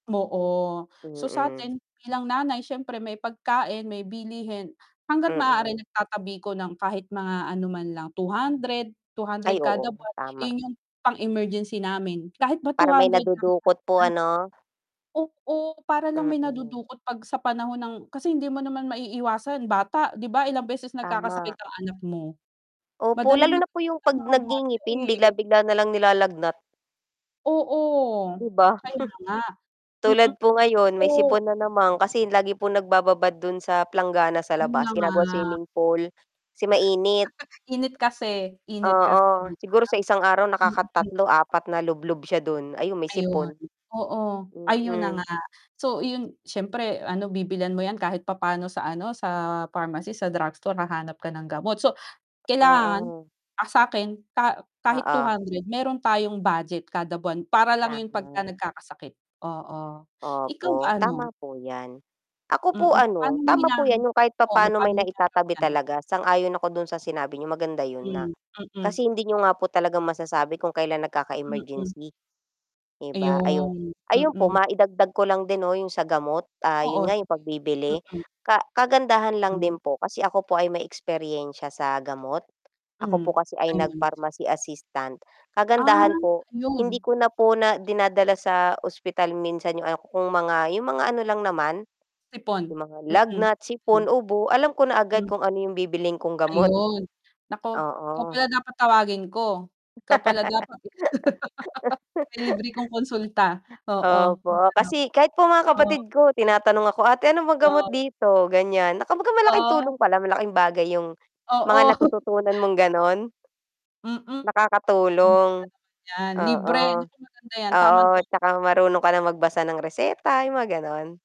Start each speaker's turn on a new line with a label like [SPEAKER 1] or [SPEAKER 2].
[SPEAKER 1] Oo, so
[SPEAKER 2] Mm.
[SPEAKER 1] sa'tin bilang nanay siyempre may pagkain, may bilihin, hangga't maaari
[SPEAKER 2] Mm.
[SPEAKER 1] nagtatabi ko ng kahit mga ano man lang 200, two
[SPEAKER 2] Ay
[SPEAKER 1] hundred kada
[SPEAKER 2] oo,
[SPEAKER 1] buwan,
[SPEAKER 2] tama.
[SPEAKER 1] eh, 'yung pang-emergency namin kahit ba two
[SPEAKER 2] Para may
[SPEAKER 1] hundred lang siya
[SPEAKER 2] nadudukot po
[SPEAKER 1] ano.
[SPEAKER 2] ano?
[SPEAKER 1] Oo, para lang may
[SPEAKER 2] Mm.
[SPEAKER 1] nadudukot 'pag sa panahon ng kasi hindi mo naman maiiwasan bata, 'di ba ilang beses nagkakasakit
[SPEAKER 2] Tama.
[SPEAKER 1] ang anak mo?
[SPEAKER 2] Opo,
[SPEAKER 1] Madaling
[SPEAKER 2] lalo na po
[SPEAKER 1] magkasakit
[SPEAKER 2] 'yung
[SPEAKER 1] ang
[SPEAKER 2] 'pag
[SPEAKER 1] mga bata
[SPEAKER 2] nag-ngingipin, bigla
[SPEAKER 1] eh.
[SPEAKER 2] bigla na lang nilalagnat.
[SPEAKER 1] Oo.
[SPEAKER 2] 'Di ba?
[SPEAKER 1] Kaya nga. Mm.
[SPEAKER 2] Tulad po ngayon
[SPEAKER 1] So
[SPEAKER 2] may sipon na naman, kasi lagi po nagbababad do'n sa planggana sa
[SPEAKER 1] Ano na
[SPEAKER 2] labas,
[SPEAKER 1] nga
[SPEAKER 2] ginagawa swimming pool, kasi mainit.
[SPEAKER 1] Init kasi, init kasi,
[SPEAKER 2] Oo,
[SPEAKER 1] 'di ba.
[SPEAKER 2] siguro sa isang araw nakaka
[SPEAKER 1] Mm.
[SPEAKER 2] 3, 4 na lublob siya do'n, ayon may
[SPEAKER 1] Ayon,
[SPEAKER 2] sipon.
[SPEAKER 1] oo, ayun na nga.
[SPEAKER 2] Mm.
[SPEAKER 1] So, iyon siyempre ano bibilhan mo 'yan kahit papaano sa ano sa pharmacy, sa drugstore, hahanap ka ng gamot, so kailangan,
[SPEAKER 2] Oo.
[SPEAKER 1] ah, sa'kin ka kahit
[SPEAKER 2] Oo.
[SPEAKER 1] 200 meron tayong budget kada buwan para lang 'yun 'pagka
[SPEAKER 2] Tama.
[SPEAKER 1] nagkakasakit, oo. ikaw
[SPEAKER 2] Opo,
[SPEAKER 1] ba ano?
[SPEAKER 2] tama po 'yan. Ako
[SPEAKER 1] Mm.
[SPEAKER 2] po
[SPEAKER 1] pa'no
[SPEAKER 2] ano
[SPEAKER 1] mo
[SPEAKER 2] tama
[SPEAKER 1] hinaha
[SPEAKER 2] po 'yan 'yung kahit
[SPEAKER 1] oo,
[SPEAKER 2] papaano
[SPEAKER 1] paano
[SPEAKER 2] may
[SPEAKER 1] mo hinaharap
[SPEAKER 2] naitatabi
[SPEAKER 1] 'yan?
[SPEAKER 2] talaga, sang-ayon ako do'n sa sinabi niyo, maganda yo'n na
[SPEAKER 1] Hmm. Mm.
[SPEAKER 2] kasi hindi niyo nga po talaga masasabi kung kailan
[SPEAKER 1] Mm.
[SPEAKER 2] nagkaka-emergency, 'di ba ayun.
[SPEAKER 1] Ayon.
[SPEAKER 2] Ayun po
[SPEAKER 1] Mm.
[SPEAKER 2] maidagdag ko lang din 'no 'yung sa gamot, ah,
[SPEAKER 1] Oo,
[SPEAKER 2] 'yun nga
[SPEAKER 1] sige.
[SPEAKER 2] 'yung pagbibili.
[SPEAKER 1] Mm.
[SPEAKER 2] Ka kagandahan lang
[SPEAKER 1] Hmm.
[SPEAKER 2] din po, kasi ako po ay may eksperyensya sa gamot. Ako
[SPEAKER 1] Hmm,
[SPEAKER 2] po kasi ay nag
[SPEAKER 1] ayun.
[SPEAKER 2] pharmacy assistant.
[SPEAKER 1] Ah,
[SPEAKER 2] Kagandahan po, hindi
[SPEAKER 1] 'yun.
[SPEAKER 2] ko na po na dinadala sa ospital minsan 'yung kung mga, 'yung mga ano lang naman,
[SPEAKER 1] Sipon,
[SPEAKER 2] 'yung mga
[SPEAKER 1] mm. Hmm.
[SPEAKER 2] lagnat, sipon, ubo. Alam ko na agad
[SPEAKER 1] Hmm.
[SPEAKER 2] kung ano 'yung bibilhin kong gamot.
[SPEAKER 1] Ayun, naku. Ikaw
[SPEAKER 2] Oo.
[SPEAKER 1] pala dapat tawagin ko, ikaw pala dapat, eh. May libre kong konsulta. Oo,
[SPEAKER 2] Opo,
[SPEAKER 1] ano.
[SPEAKER 2] kasi kahit po mga
[SPEAKER 1] Oo.
[SPEAKER 2] kapatid ko tinatanong ako, "ate, ano pong gamot
[SPEAKER 1] Wow.
[SPEAKER 2] dito?", ganiyan. Na kumbaga malaking
[SPEAKER 1] Oo.
[SPEAKER 2] tulong pala, malaking bagay 'yung
[SPEAKER 1] Oo.
[SPEAKER 2] mga natututunan mong gano'n.
[SPEAKER 1] Mm. Ang ganda
[SPEAKER 2] Nakakatulong.
[SPEAKER 1] nun. 'Yan
[SPEAKER 2] Oo.
[SPEAKER 1] libre, naku maganda 'yan,
[SPEAKER 2] Oo,
[SPEAKER 1] tamang-tama
[SPEAKER 2] 'tsaka
[SPEAKER 1] pa.
[SPEAKER 2] marunong ka rin magbasa ng reseta, 'yung mga gano'n.